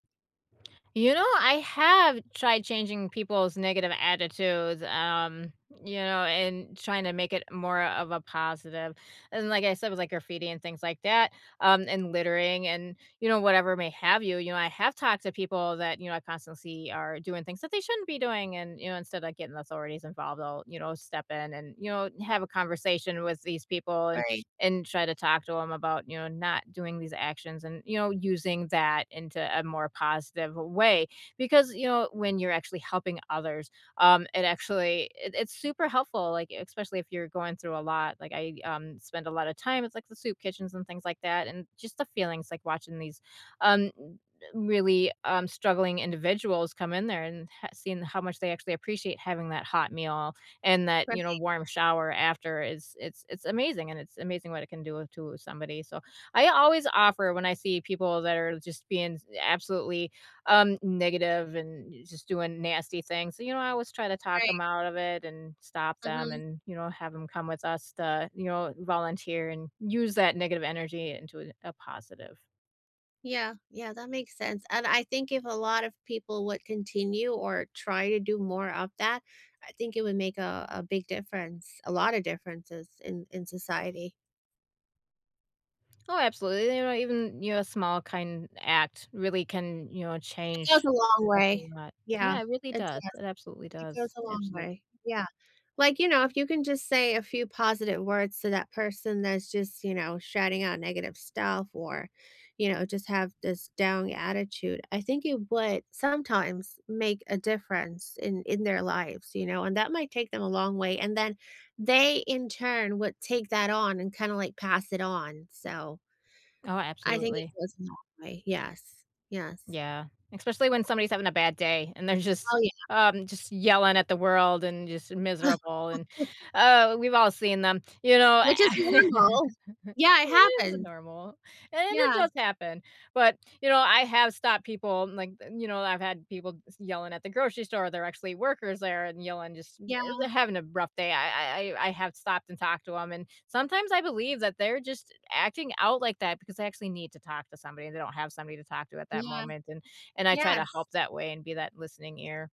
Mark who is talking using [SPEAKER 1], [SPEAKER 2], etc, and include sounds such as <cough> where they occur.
[SPEAKER 1] You know, I have tried changing people's negative attitudes, um, you know, and trying to make it more of a positive, and like I said, with, like, graffiti and things like that, um, and littering and, you know, whatever may have you, you know, I have talked to people that, you know, I constantly see are doing things that they shouldn't be doing, and, you know, instead of, like, getting the authorities involved, I'll, you know, step in and, you know, have a conversation with these people and
[SPEAKER 2] Right.
[SPEAKER 1] and try to talk to 'em about, you know, not doing these actions and, you know, using that into a more positive way, because, you know, when you're actually helping others, um, it actually it it's super helpful, like, especially if you're going through a lot. Like, I, um, spend a lot of time with, like, the soup kitchens and things like that, and just the feelings, like, watching these, um, r really, um, struggling individuals come in there and h seeing how much they actually appreciate having that hot meal and that, you know,
[SPEAKER 2] <unintelligible>
[SPEAKER 1] warm shower after is it's it's amazing, and it's amazing what it can do to somebody, so I always offer when I see people that are just being absolutely, um, negative and just doing nasty things, so, you know, I always try to talk 'em
[SPEAKER 2] Right.
[SPEAKER 1] out of it and stop them
[SPEAKER 2] Mhm.
[SPEAKER 1] and, you know, have 'em come with us to, you know, volunteer and use that negative energy into a positive.
[SPEAKER 2] Yeah, yeah, that makes sense, and I think if a lot of people would continue or try to do more of that, I think it would make a a big difference, a lot of differences in in society.
[SPEAKER 1] Oh, absolutely, you know, even, you know, a small kind act really can, you know,
[SPEAKER 2] It goes
[SPEAKER 1] change
[SPEAKER 2] a long
[SPEAKER 1] a
[SPEAKER 2] way.
[SPEAKER 1] whole lot.
[SPEAKER 2] Yeah,
[SPEAKER 1] Yeah, it really
[SPEAKER 2] it
[SPEAKER 1] does,
[SPEAKER 2] does,
[SPEAKER 1] it absolutely
[SPEAKER 2] it goes
[SPEAKER 1] does.
[SPEAKER 2] a long
[SPEAKER 1] Absolute
[SPEAKER 2] way, yeah. Like, you know, if you can just say a few positive words to that person that's just, you know, shouting out negative stuff or, you know, just have this down attitude, I think it would- sometimes- make a difference in in their lives, you know, and that might take them a long way, and then they, in turn, would take that on and kinda like, pass it on, so
[SPEAKER 1] Oh,
[SPEAKER 2] I think it
[SPEAKER 1] absolutely.
[SPEAKER 2] goes a long way, yes, yes.
[SPEAKER 1] Yeah, especially when somebody's having a bad day, and they're just
[SPEAKER 2] Oh, yeah.
[SPEAKER 1] um, just yelling at the world and just miserable, and, uh, we've all seen them. You
[SPEAKER 2] <laughs>
[SPEAKER 1] know
[SPEAKER 2] Which is
[SPEAKER 1] <laughs>
[SPEAKER 2] normal.
[SPEAKER 1] it
[SPEAKER 2] Yeah, it
[SPEAKER 1] is
[SPEAKER 2] happen.
[SPEAKER 1] normal, and it
[SPEAKER 2] Yeah.
[SPEAKER 1] does happen, but, you know, I have stopped people, like, the you know, I've had people s yelling at the grocery store, they're actually workers there and yelling just
[SPEAKER 2] Yeah.
[SPEAKER 1] eh, they're having a rough day, I I I I have stopped and talked to 'em, and sometimes I believe that they're just acting out like that because they actually need to talk to somebody, they don't have somebody to talk to at that
[SPEAKER 2] Yeah.
[SPEAKER 1] moment, and and I try to
[SPEAKER 2] Yes.
[SPEAKER 1] help that way and be that listening ear.